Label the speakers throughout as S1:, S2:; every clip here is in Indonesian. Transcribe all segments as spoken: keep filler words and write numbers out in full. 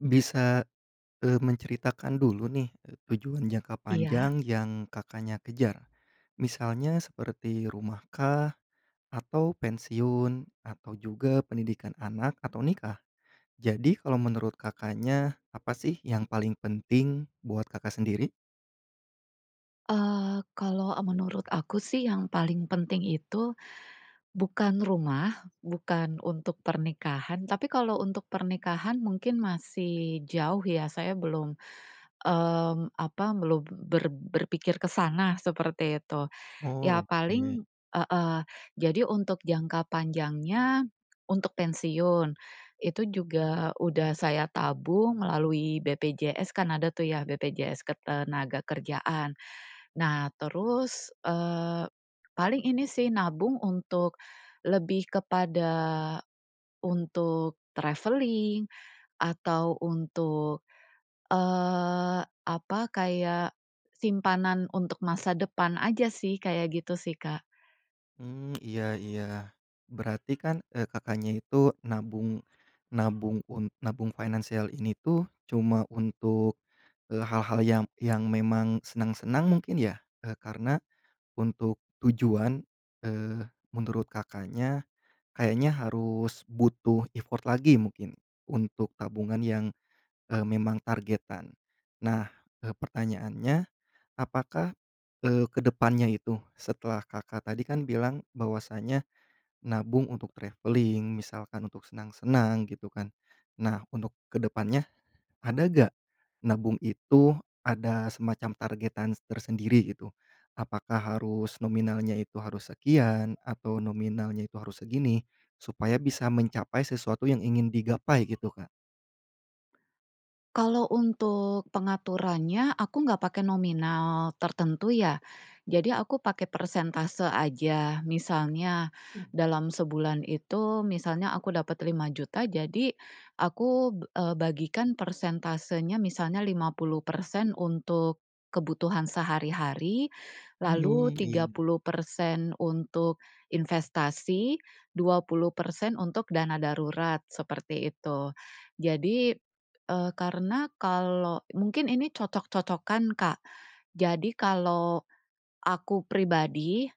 S1: Bisa, eee, menceritakan dulu nih, eee, tujuan jangka
S2: Iya
S1: panjang yang Kakaknya kejar. Misalnya seperti rumahkah atau pensiun atau juga pendidikan anak atau nikah. Jadi kalau menurut Kakaknya apa sih yang paling penting buat Kakak sendiri?
S2: Eee, kalau e menurut aku sih yang paling penting itu bukan rumah, bukan untuk pernikahan, tapi kalau untuk pernikahan mungkin masih jauh ya, saya belum, mmm, apa, belum ber berpikir ke sana, seperti itu. Ya
S1: Oh, oke.
S2: paling heeh. Jadi untuk jangka panjangnya untuk pensiun, itu juga udah saya tabung melalui BPJS kan ada tuh ya BPJS Ketenagakerjaan. Nah, terus, eee, paling ini sih nabung untuk lebih kepada untuk traveling atau untuk, eee, apa kayak simpanan untuk masa depan aja sih kayak gitu sih, Kak.
S1: Mmm, iya iya. Berarti kan e Kakaknya itu nabung nabung un nabung financial ini tuh cuma untuk, eee, hal-hal yang yang memang senang-senang mungkin ya? E karena untuk tujuan, eee, menurut Kakaknya kayaknya harus butuh effort lagi mungkin, untuk tabungan yang, eee, memang targetan. Nah, eee, pertanyaannya, apakah, eee, ke depannya itu setelah Kakak tadi kan bilang bahwasanya nabung untuk traveling, misalkan untuk senang-senang, gitu kan? Nah, untuk ke depannya ada nggak nabung itu ada semacam targetan tersendiri gitu? Apakah harus nominalnya itu harus sekian, atau nominalnya itu harus segini supaya bisa mencapai sesuatu yang ingin digapai gitu, Kak?
S2: Kalau untuk pengaturannya aku nggak pakai nominal tertentu ya. Jadi aku pakai persentase aja. Misalnya
S1: Mmm.
S2: dalam sebulan itu misalnya aku dapat lima juta jadi aku b eee, bagikan persentasenya misalnya lima puluh persen untuk kebutuhan sehari-hari, lalu
S1: Mmm,
S2: tiga
S1: iya.
S2: puluh persen untuk investasi, dua puluh persen untuk dana darurat, seperti itu. Jadi e karena kalau mungkin ini cocok-cocokan, Kak. Jadi kalau aku pribadi,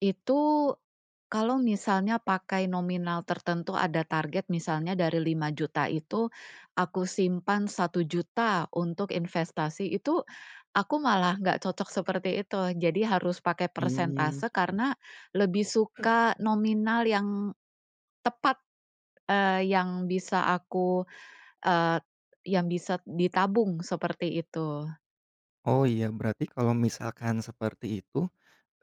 S2: itu, kalau misalnya pakai nominal tertentu ada target misalnya dari lima juta itu aku simpan satu juta untuk investasi, itu, aku malah nggak cocok seperti itu. Jadi harus pakai
S1: Mmm.
S2: persentase karena lebih suka nominal yang tepat, eee, yang bisa aku, eee, yang bisa d ditabung, seperti itu.
S1: Oh, iya, berarti kalau misalkan seperti itu,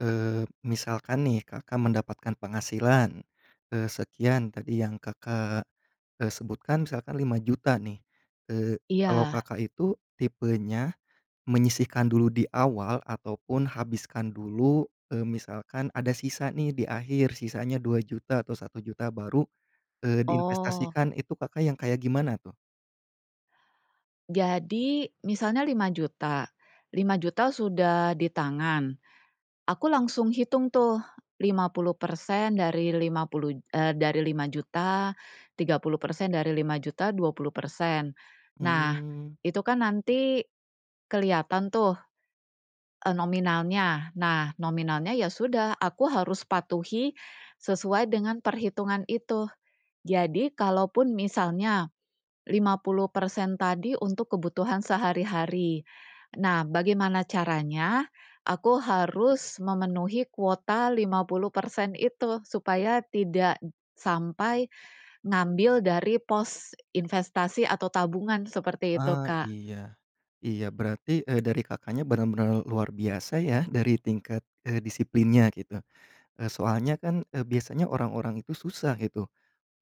S1: eee, misalkan nih Kakak mendapatkan penghasilan, eee, sekian, tadi yang Kakak, eee, sebutkan misalkan lima juta nih. Eee, kalau
S2: Iya.
S1: Kakak itu tipenya menyisihkan dulu di awal ataupun habiskan dulu, eee, misalkan ada sisa nih di akhir, sisanya dua juta atau satu juta baru, eee,
S2: Oh.
S1: diinvestasikan. Itu Kakak yang kayak gimana tuh?
S2: Jadi, misalnya lima juta, lima juta sudah di tangan. Aku langsung hitung tuh, lima puluh persen dari lima puluh j eee, dari lima juta, tiga puluh persen dari lima juta, dua puluh persen. Nah,
S1: Mmm.
S2: itu kan nanti kelihatan tuh, eee, nominalnya. Nah, nominalnya ya sudah, aku harus patuhi sesuai dengan perhitungan itu. Jadi kalaupun misalnya, lima puluh persen tadi untuk kebutuhan sehari-hari. Nah, bagaimana caranya aku harus memenuhi kuota lima puluh persen itu, supaya tidak d sampai ngambil dari pos investasi atau tabungan, seperti itu,
S1: Ah,
S2: Kak.
S1: iya, iya. Berarti e dari Kakaknya benar-benar luar biasa ya dari tingkat, eee, disiplinnya gitu, eee, soalnya kan e biasanya orang-orang itu susah gitu,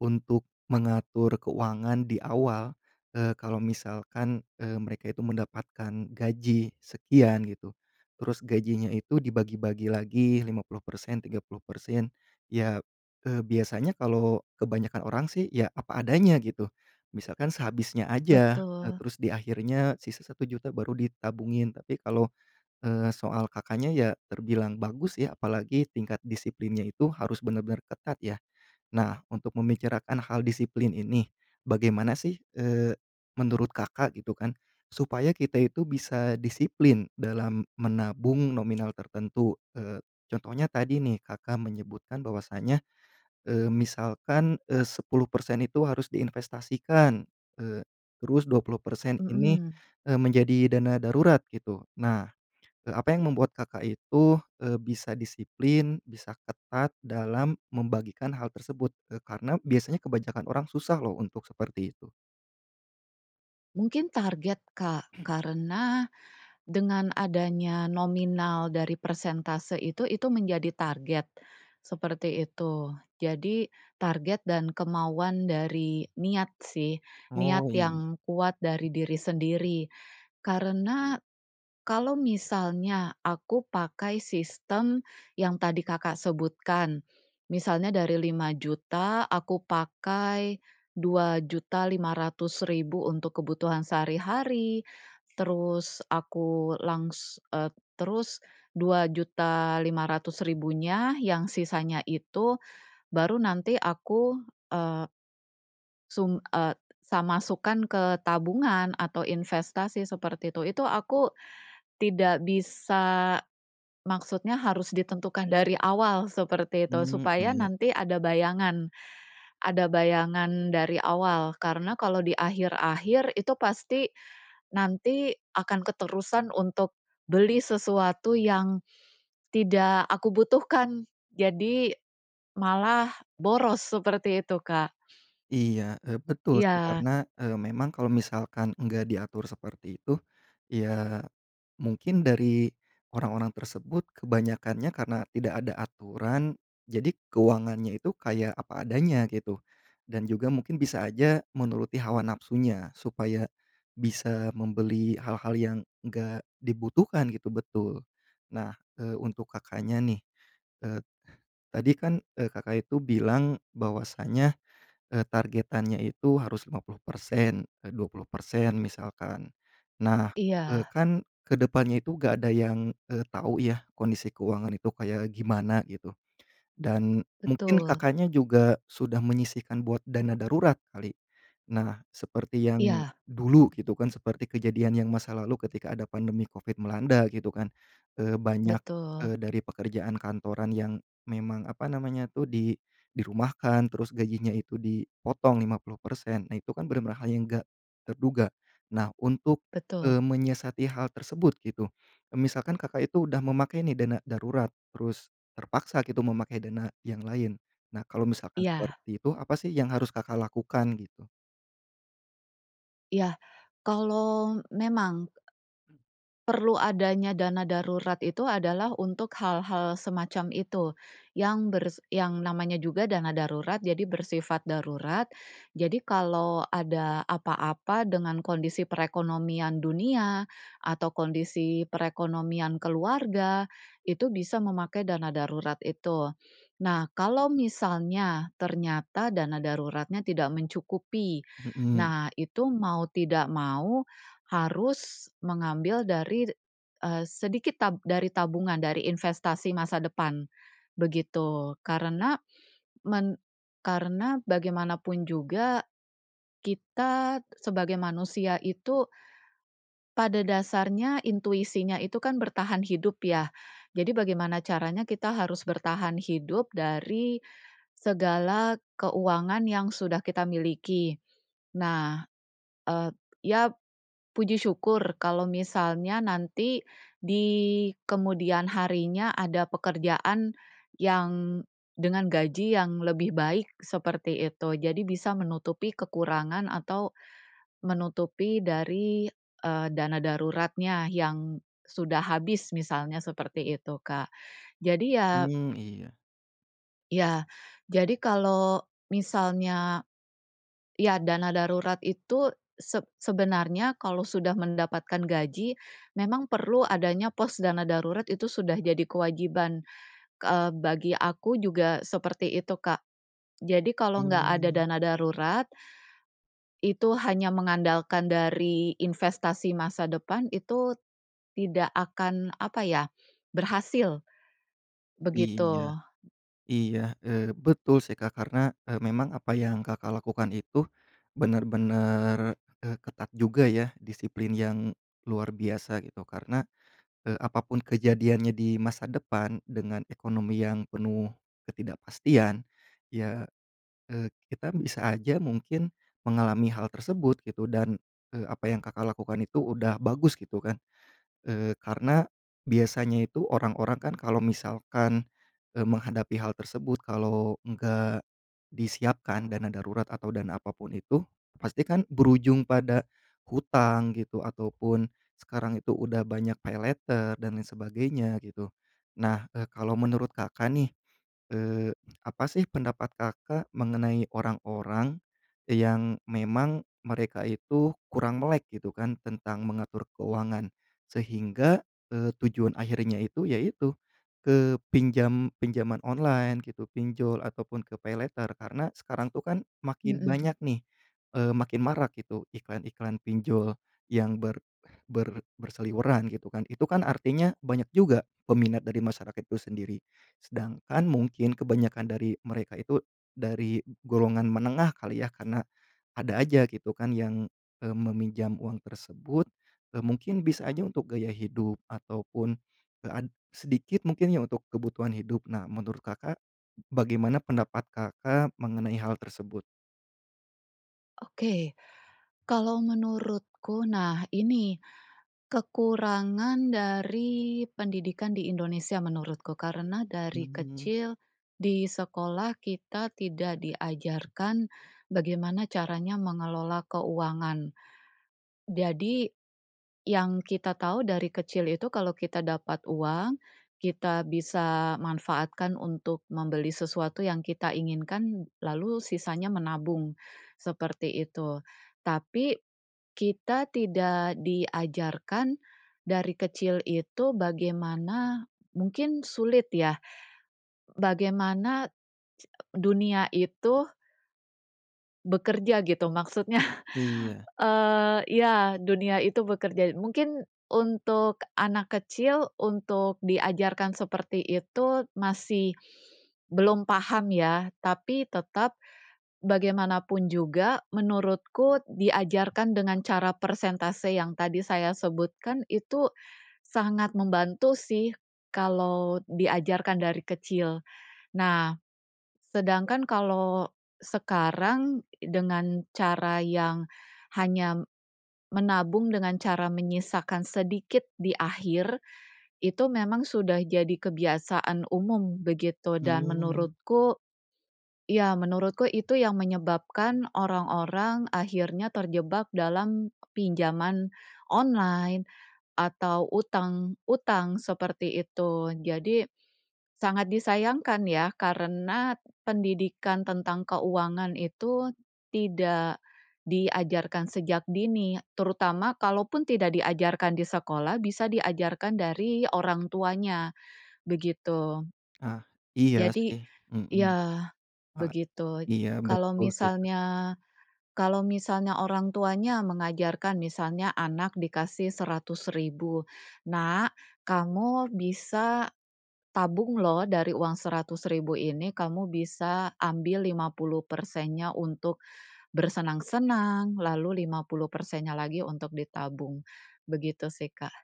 S1: untuk mengatur keuangan di awal, eee, kalau misalkan, eee, mereka itu mendapatkan gaji sekian gitu, terus gajinya itu dibagi-bagi lagi lima puluh persen, tiga puluh persen. Ya, eee, biasanya kalau kebanyakan orang sih, ya, apa adanya gitu. Misalkan sehabisnya aja, eee,
S2: Betul.
S1: terus di akhirnya sisa satu juta baru ditabungin, tapi kalau, eee, soal Kakaknya, ya, terbilang bagus ya, apalagi tingkat disiplinnya itu harus benar-benar ketat ya. Nah, untuk membicarakan hal disiplin ini, bagaimana sih, eee, menurut Kakak gitu kan, supaya kita itu bisa disiplin dalam menabung nominal tertentu? Eee, contohnya tadi nih, Kakak menyebutkan bahwasanya, eee, misalkan, eee, sepuluh persen itu harus diinvestasikan, eee, terus dua puluh persen ini,
S2: Mhm.
S1: eee, menjadi dana darurat, gitu. Nah, e apa yang membuat Kakak itu, eee, bisa disiplin, bisa ketat, dalam membagikan hal tersebut? Eee, karena biasanya kebanyakan orang susah loh untuk seperti itu.
S2: Mungkin target, Kak, karena dengan adanya nominal dari persentase itu, itu menjadi target, seperti itu. Jadi target dan kemauan dari niat sih,
S1: Oh,
S2: niat
S1: iya.
S2: yang kuat dari diri sendiri karena kalau misalnya aku pakai sistem yang tadi Kakak sebutkan, misalnya dari lima juta aku pakai dua juta lima ratus ribu untuk kebutuhan sehari-hari, terus aku langs eee, terus dua juta lima ratus ribu yang sisanya itu, baru nanti aku eee sum e sa masukkan ke tabungan atau investasi seperti itu. Itu aku tidak bisa maksudnya harus ditentukan dari awal, seperti itu,
S1: Mmm,
S2: supaya
S1: iya.
S2: nanti ada bayangan ada bayangan dari awal karena kalau di akhir-akhir itu pasti nanti akan keterusan untuk beli sesuatu yang tidak aku butuhkan, jadi malah boros, seperti itu, Kak.
S1: Iya e betul sih,
S2: Iya.
S1: karena eee, memang kalau misalkan nggak diatur seperti itu, ya, mungkin dari orang-orang tersebut kebanyakannya karena tidak ada aturan, jadi keuangannya itu kayak apa adanya gitu, dan juga mungkin bisa aja menuruti hawa nafsunya supaya bisa membeli hal-hal yang nggak dibutuhkan gitu. Betul. Nah, eee, untuk Kakaknya nih, eee, tadi kan, eee, Kakak itu bilang bahwasanya, eee, targetannya itu harus lima puluh persen, e dua puluh persen, misalkan. Nah, eee,
S2: Iya.
S1: kan ke depannya itu nggak ada yang eee, tahu ya kondisi keuangan itu kayak gimana gitu, dan mungkin
S2: Betul.
S1: Kakaknya juga sudah menyisihkan buat dana darurat kali. Nah, seperti yang
S2: Iya.
S1: dulu gitu kan, seperti kejadian yang masa lalu ketika ada pandemi Covid melanda gitu kan. Eee, banyak
S2: Betul.
S1: eee, dari pekerjaan kantoran yang memang, apa namanya tuh, di dirumahkan, terus gajinya itu dipotong lima puluh persen. Nah, itu kan benar-benar hal yang nggak terduga. Nah, untuk eee,
S2: Betul.
S1: menyiasati hal tersebut gitu e misalkan Kakak itu udah memakai nih dana darurat, terus terpaksa gitu memakai dana yang lain. Nah, kalau misalkan
S2: Iya.
S1: seperti itu, apa sih yang harus Kakak lakukan, gitu?
S2: Ya, kalau memang perlu adanya dana darurat itu adalah untuk hal-hal semacam itu, yang bers yang namanya juga dana darurat jadi bersifat darurat. Jadi kalau ada apa-apa dengan kondisi perekonomian dunia atau kondisi perekonomian keluarga, itu bisa memakai dana darurat itu. Nah, kalau misalnya, ternyata dana daruratnya tidak mencukupi,
S1: Mhm.
S2: nah, itu mau tidak mau harus mengambil dari, eee, sedikit tab dari tabungan, dari investasi masa depan, begitu karena men karena bagaimanapun juga, kita sebagai manusia itu pada dasarnya intuisinya itu kan bertahan hidup ya, jadi bagaimana caranya kita harus bertahan hidup dari segala keuangan yang sudah kita miliki. Nah, e ya, puji syukur kalau misalnya nanti di kemudian harinya ada pekerjaan yang dengan gaji yang lebih baik, seperti itu, jadi bisa menutupi kekurangan atau, menutupi dari, eee, dana daruratnya yang sudah habis, misalnya seperti itu, Kak. Jadi ya
S1: Mmm, iya.
S2: Ya, jadi kalau misalnya iya, dana darurat itu seb sebenarnya kalau sudah mendapatkan gaji, memang perlu adanya pos dana darurat, itu sudah jadi kewajiban. Ke eee, bagi aku juga seperti itu, Kak. Jadi kalau nggak ada
S1: Mmm.
S2: dana darurat, itu hanya mengandalkan dari investasi masa depan, itu, tidak akan, apa ya, berhasil. Begitu.
S1: Iya. Iya, eee, betul sih, Kak. Karena e memang apa yang Kakak lakukan itu benar-benar e ketat juga ya, disiplin yang luar biasa gitu. Karena e apapun kejadiannya di masa depan dengan ekonomi yang penuh ketidakpastian, ya, eee, kita bisa aja mungkin mengalami hal tersebut gitu, dan, eee, apa yang Kakak lakukan itu udah bagus gitu kan. Eee, karena biasanya itu, orang-orang kan kalau misalkan, eee, menghadapi hal tersebut kalau nggak disiapkan dana darurat atau dana apapun itu, pasti kan berujung pada hutang gitu, ataupun sekarang itu udah banyak paylater, dan lain sebagainya gitu. Nah, e kalau menurut Kakak nih, eee, apa sih pendapat Kakak mengenai orang-orang e yang memang mereka itu kurang melek gitu kan tentang mengatur keuangan, sehingga, eee, tujuan akhirnya itu ya itu, ke pinjam pinjaman online gitu, pinjol, ataupun ke paylater, karena sekarang tuh kan makin
S2: Mhm.
S1: banyak nih, eee, makin marak gitu iklan-iklan pinjol yang ber ber berseliweran gitu kan. Itu kan artinya banyak juga peminat dari masyarakat itu sendiri. Sedangkan mungkin kebanyakan dari mereka itu dari golongan menengah kali ya, karena ada aja gitu kan yang, eee, meminjam uang tersebut, eee, mungkin bisa aja untuk gaya hidup ataupun e an sedikit mungkin ya untuk kebutuhan hidup. Nah, menurut Kakak, bagaimana pendapat Kakak mengenai hal tersebut?
S2: Oke. Kalau menurutku, nah, ini, kekurangan dari pendidikan di Indonesia menurutku karena dari
S1: Mmm.
S2: kecil di sekolah kita tidak diajarkan bagaimana caranya mengelola keuangan. Jadi, yang kita tahu dari kecil itu kalau kita dapat uang kita bisa manfaatkan untuk membeli sesuatu yang kita inginkan, lalu sisanya menabung, seperti itu, tapi, kita tidak diajarkan dari kecil itu bagaimana mungkin sulit ya, bagaimana dunia itu bekerja gitu, maksudnya,
S1: Iya.
S2: eee, iya, dunia itu bekerja. Mungkin untuk anak kecil untuk diajarkan seperti itu masih belum paham ya, tapi tetap bagaimanapun juga menurutku diajarkan dengan cara persentase yang tadi saya sebutkan, itu sangat membantu sih kalau diajarkan dari kecil. Nah, sedangkan kalau sekarang dengan cara yang hanya menabung dengan cara menyisakan sedikit di akhir, itu memang sudah jadi kebiasaan umum, begitu, dan
S1: Mmm.
S2: menurutku iya, menurutku itu yang menyebabkan orang-orang akhirnya terjebak dalam pinjaman online, atau utang-utang seperti itu. Jadi sangat disayangkan ya karena pendidikan tentang keuangan itu tidak diajarkan sejak dini. Terutama kalaupun tidak diajarkan di sekolah, bisa diajarkan dari orang tuanya, begitu.
S1: Ah, iya
S2: Jadi
S1: sih. Mhm.
S2: iya,
S1: A i
S2: begitu.
S1: iya,
S2: Kalau
S1: betul sih, Kak.
S2: misalnya kalau misalnya orang tuanya mengajarkan, misalnya anak dikasih seratus ribu, "Nak, kamu bisa tabung loh dari uang seratus ribu ini, kamu bisa ambil lima puluh persennya untuk bersenang-senang, lalu lima puluh persen lagi untuk ditabung." Begitu sih, Kak.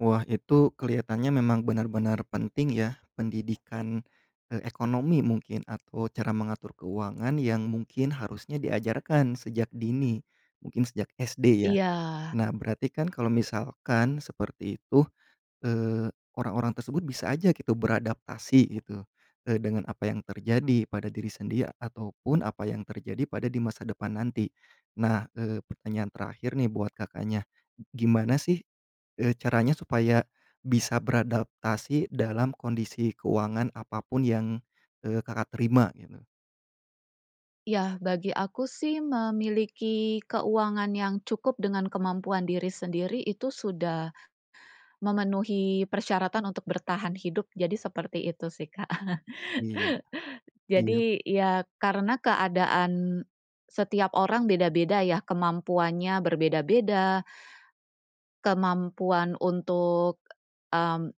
S1: Wah, itu kelihatannya memang benar-benar penting ya pendidikan, eee, ekonomi mungkin atau cara mengatur keuangan yang mungkin harusnya diajarkan sejak dini, mungkin sejak SD ya.
S2: Iya.
S1: Nah, berarti kan kalau misalkan seperti itu, eee, orang-orang tersebut bisa aja gitu beradaptasi gitu, eee, dengan apa yang terjadi pada diri sendiri ya ataupun apa yang terjadi pada di masa depan nanti. Nah, eee, pertanyaan terakhir nih buat Kakaknya. G gimana sih e caranya supaya bisa beradaptasi dalam kondisi keuangan apapun yang, eee, Kakak terima, gitu?
S2: Ya, bagi aku sih memiliki keuangan yang cukup dengan kemampuan diri sendiri itu sudah memenuhi persyaratan untuk bertahan hidup, jadi seperti itu sih, Kak.
S1: Iya, iyap.
S2: Jadi, ya, karena keadaan setiap orang beda-beda ya, kemampuannya berbeda-beda, kemampuan untuk m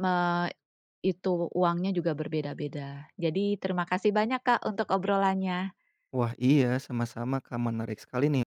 S2: me itu, uangnya juga berbeda-beda. Jadi, terima kasih banyak, Kak, untuk obrolannya.
S1: Wah, iya, sama-sama, Kak. Menarik sekali nih.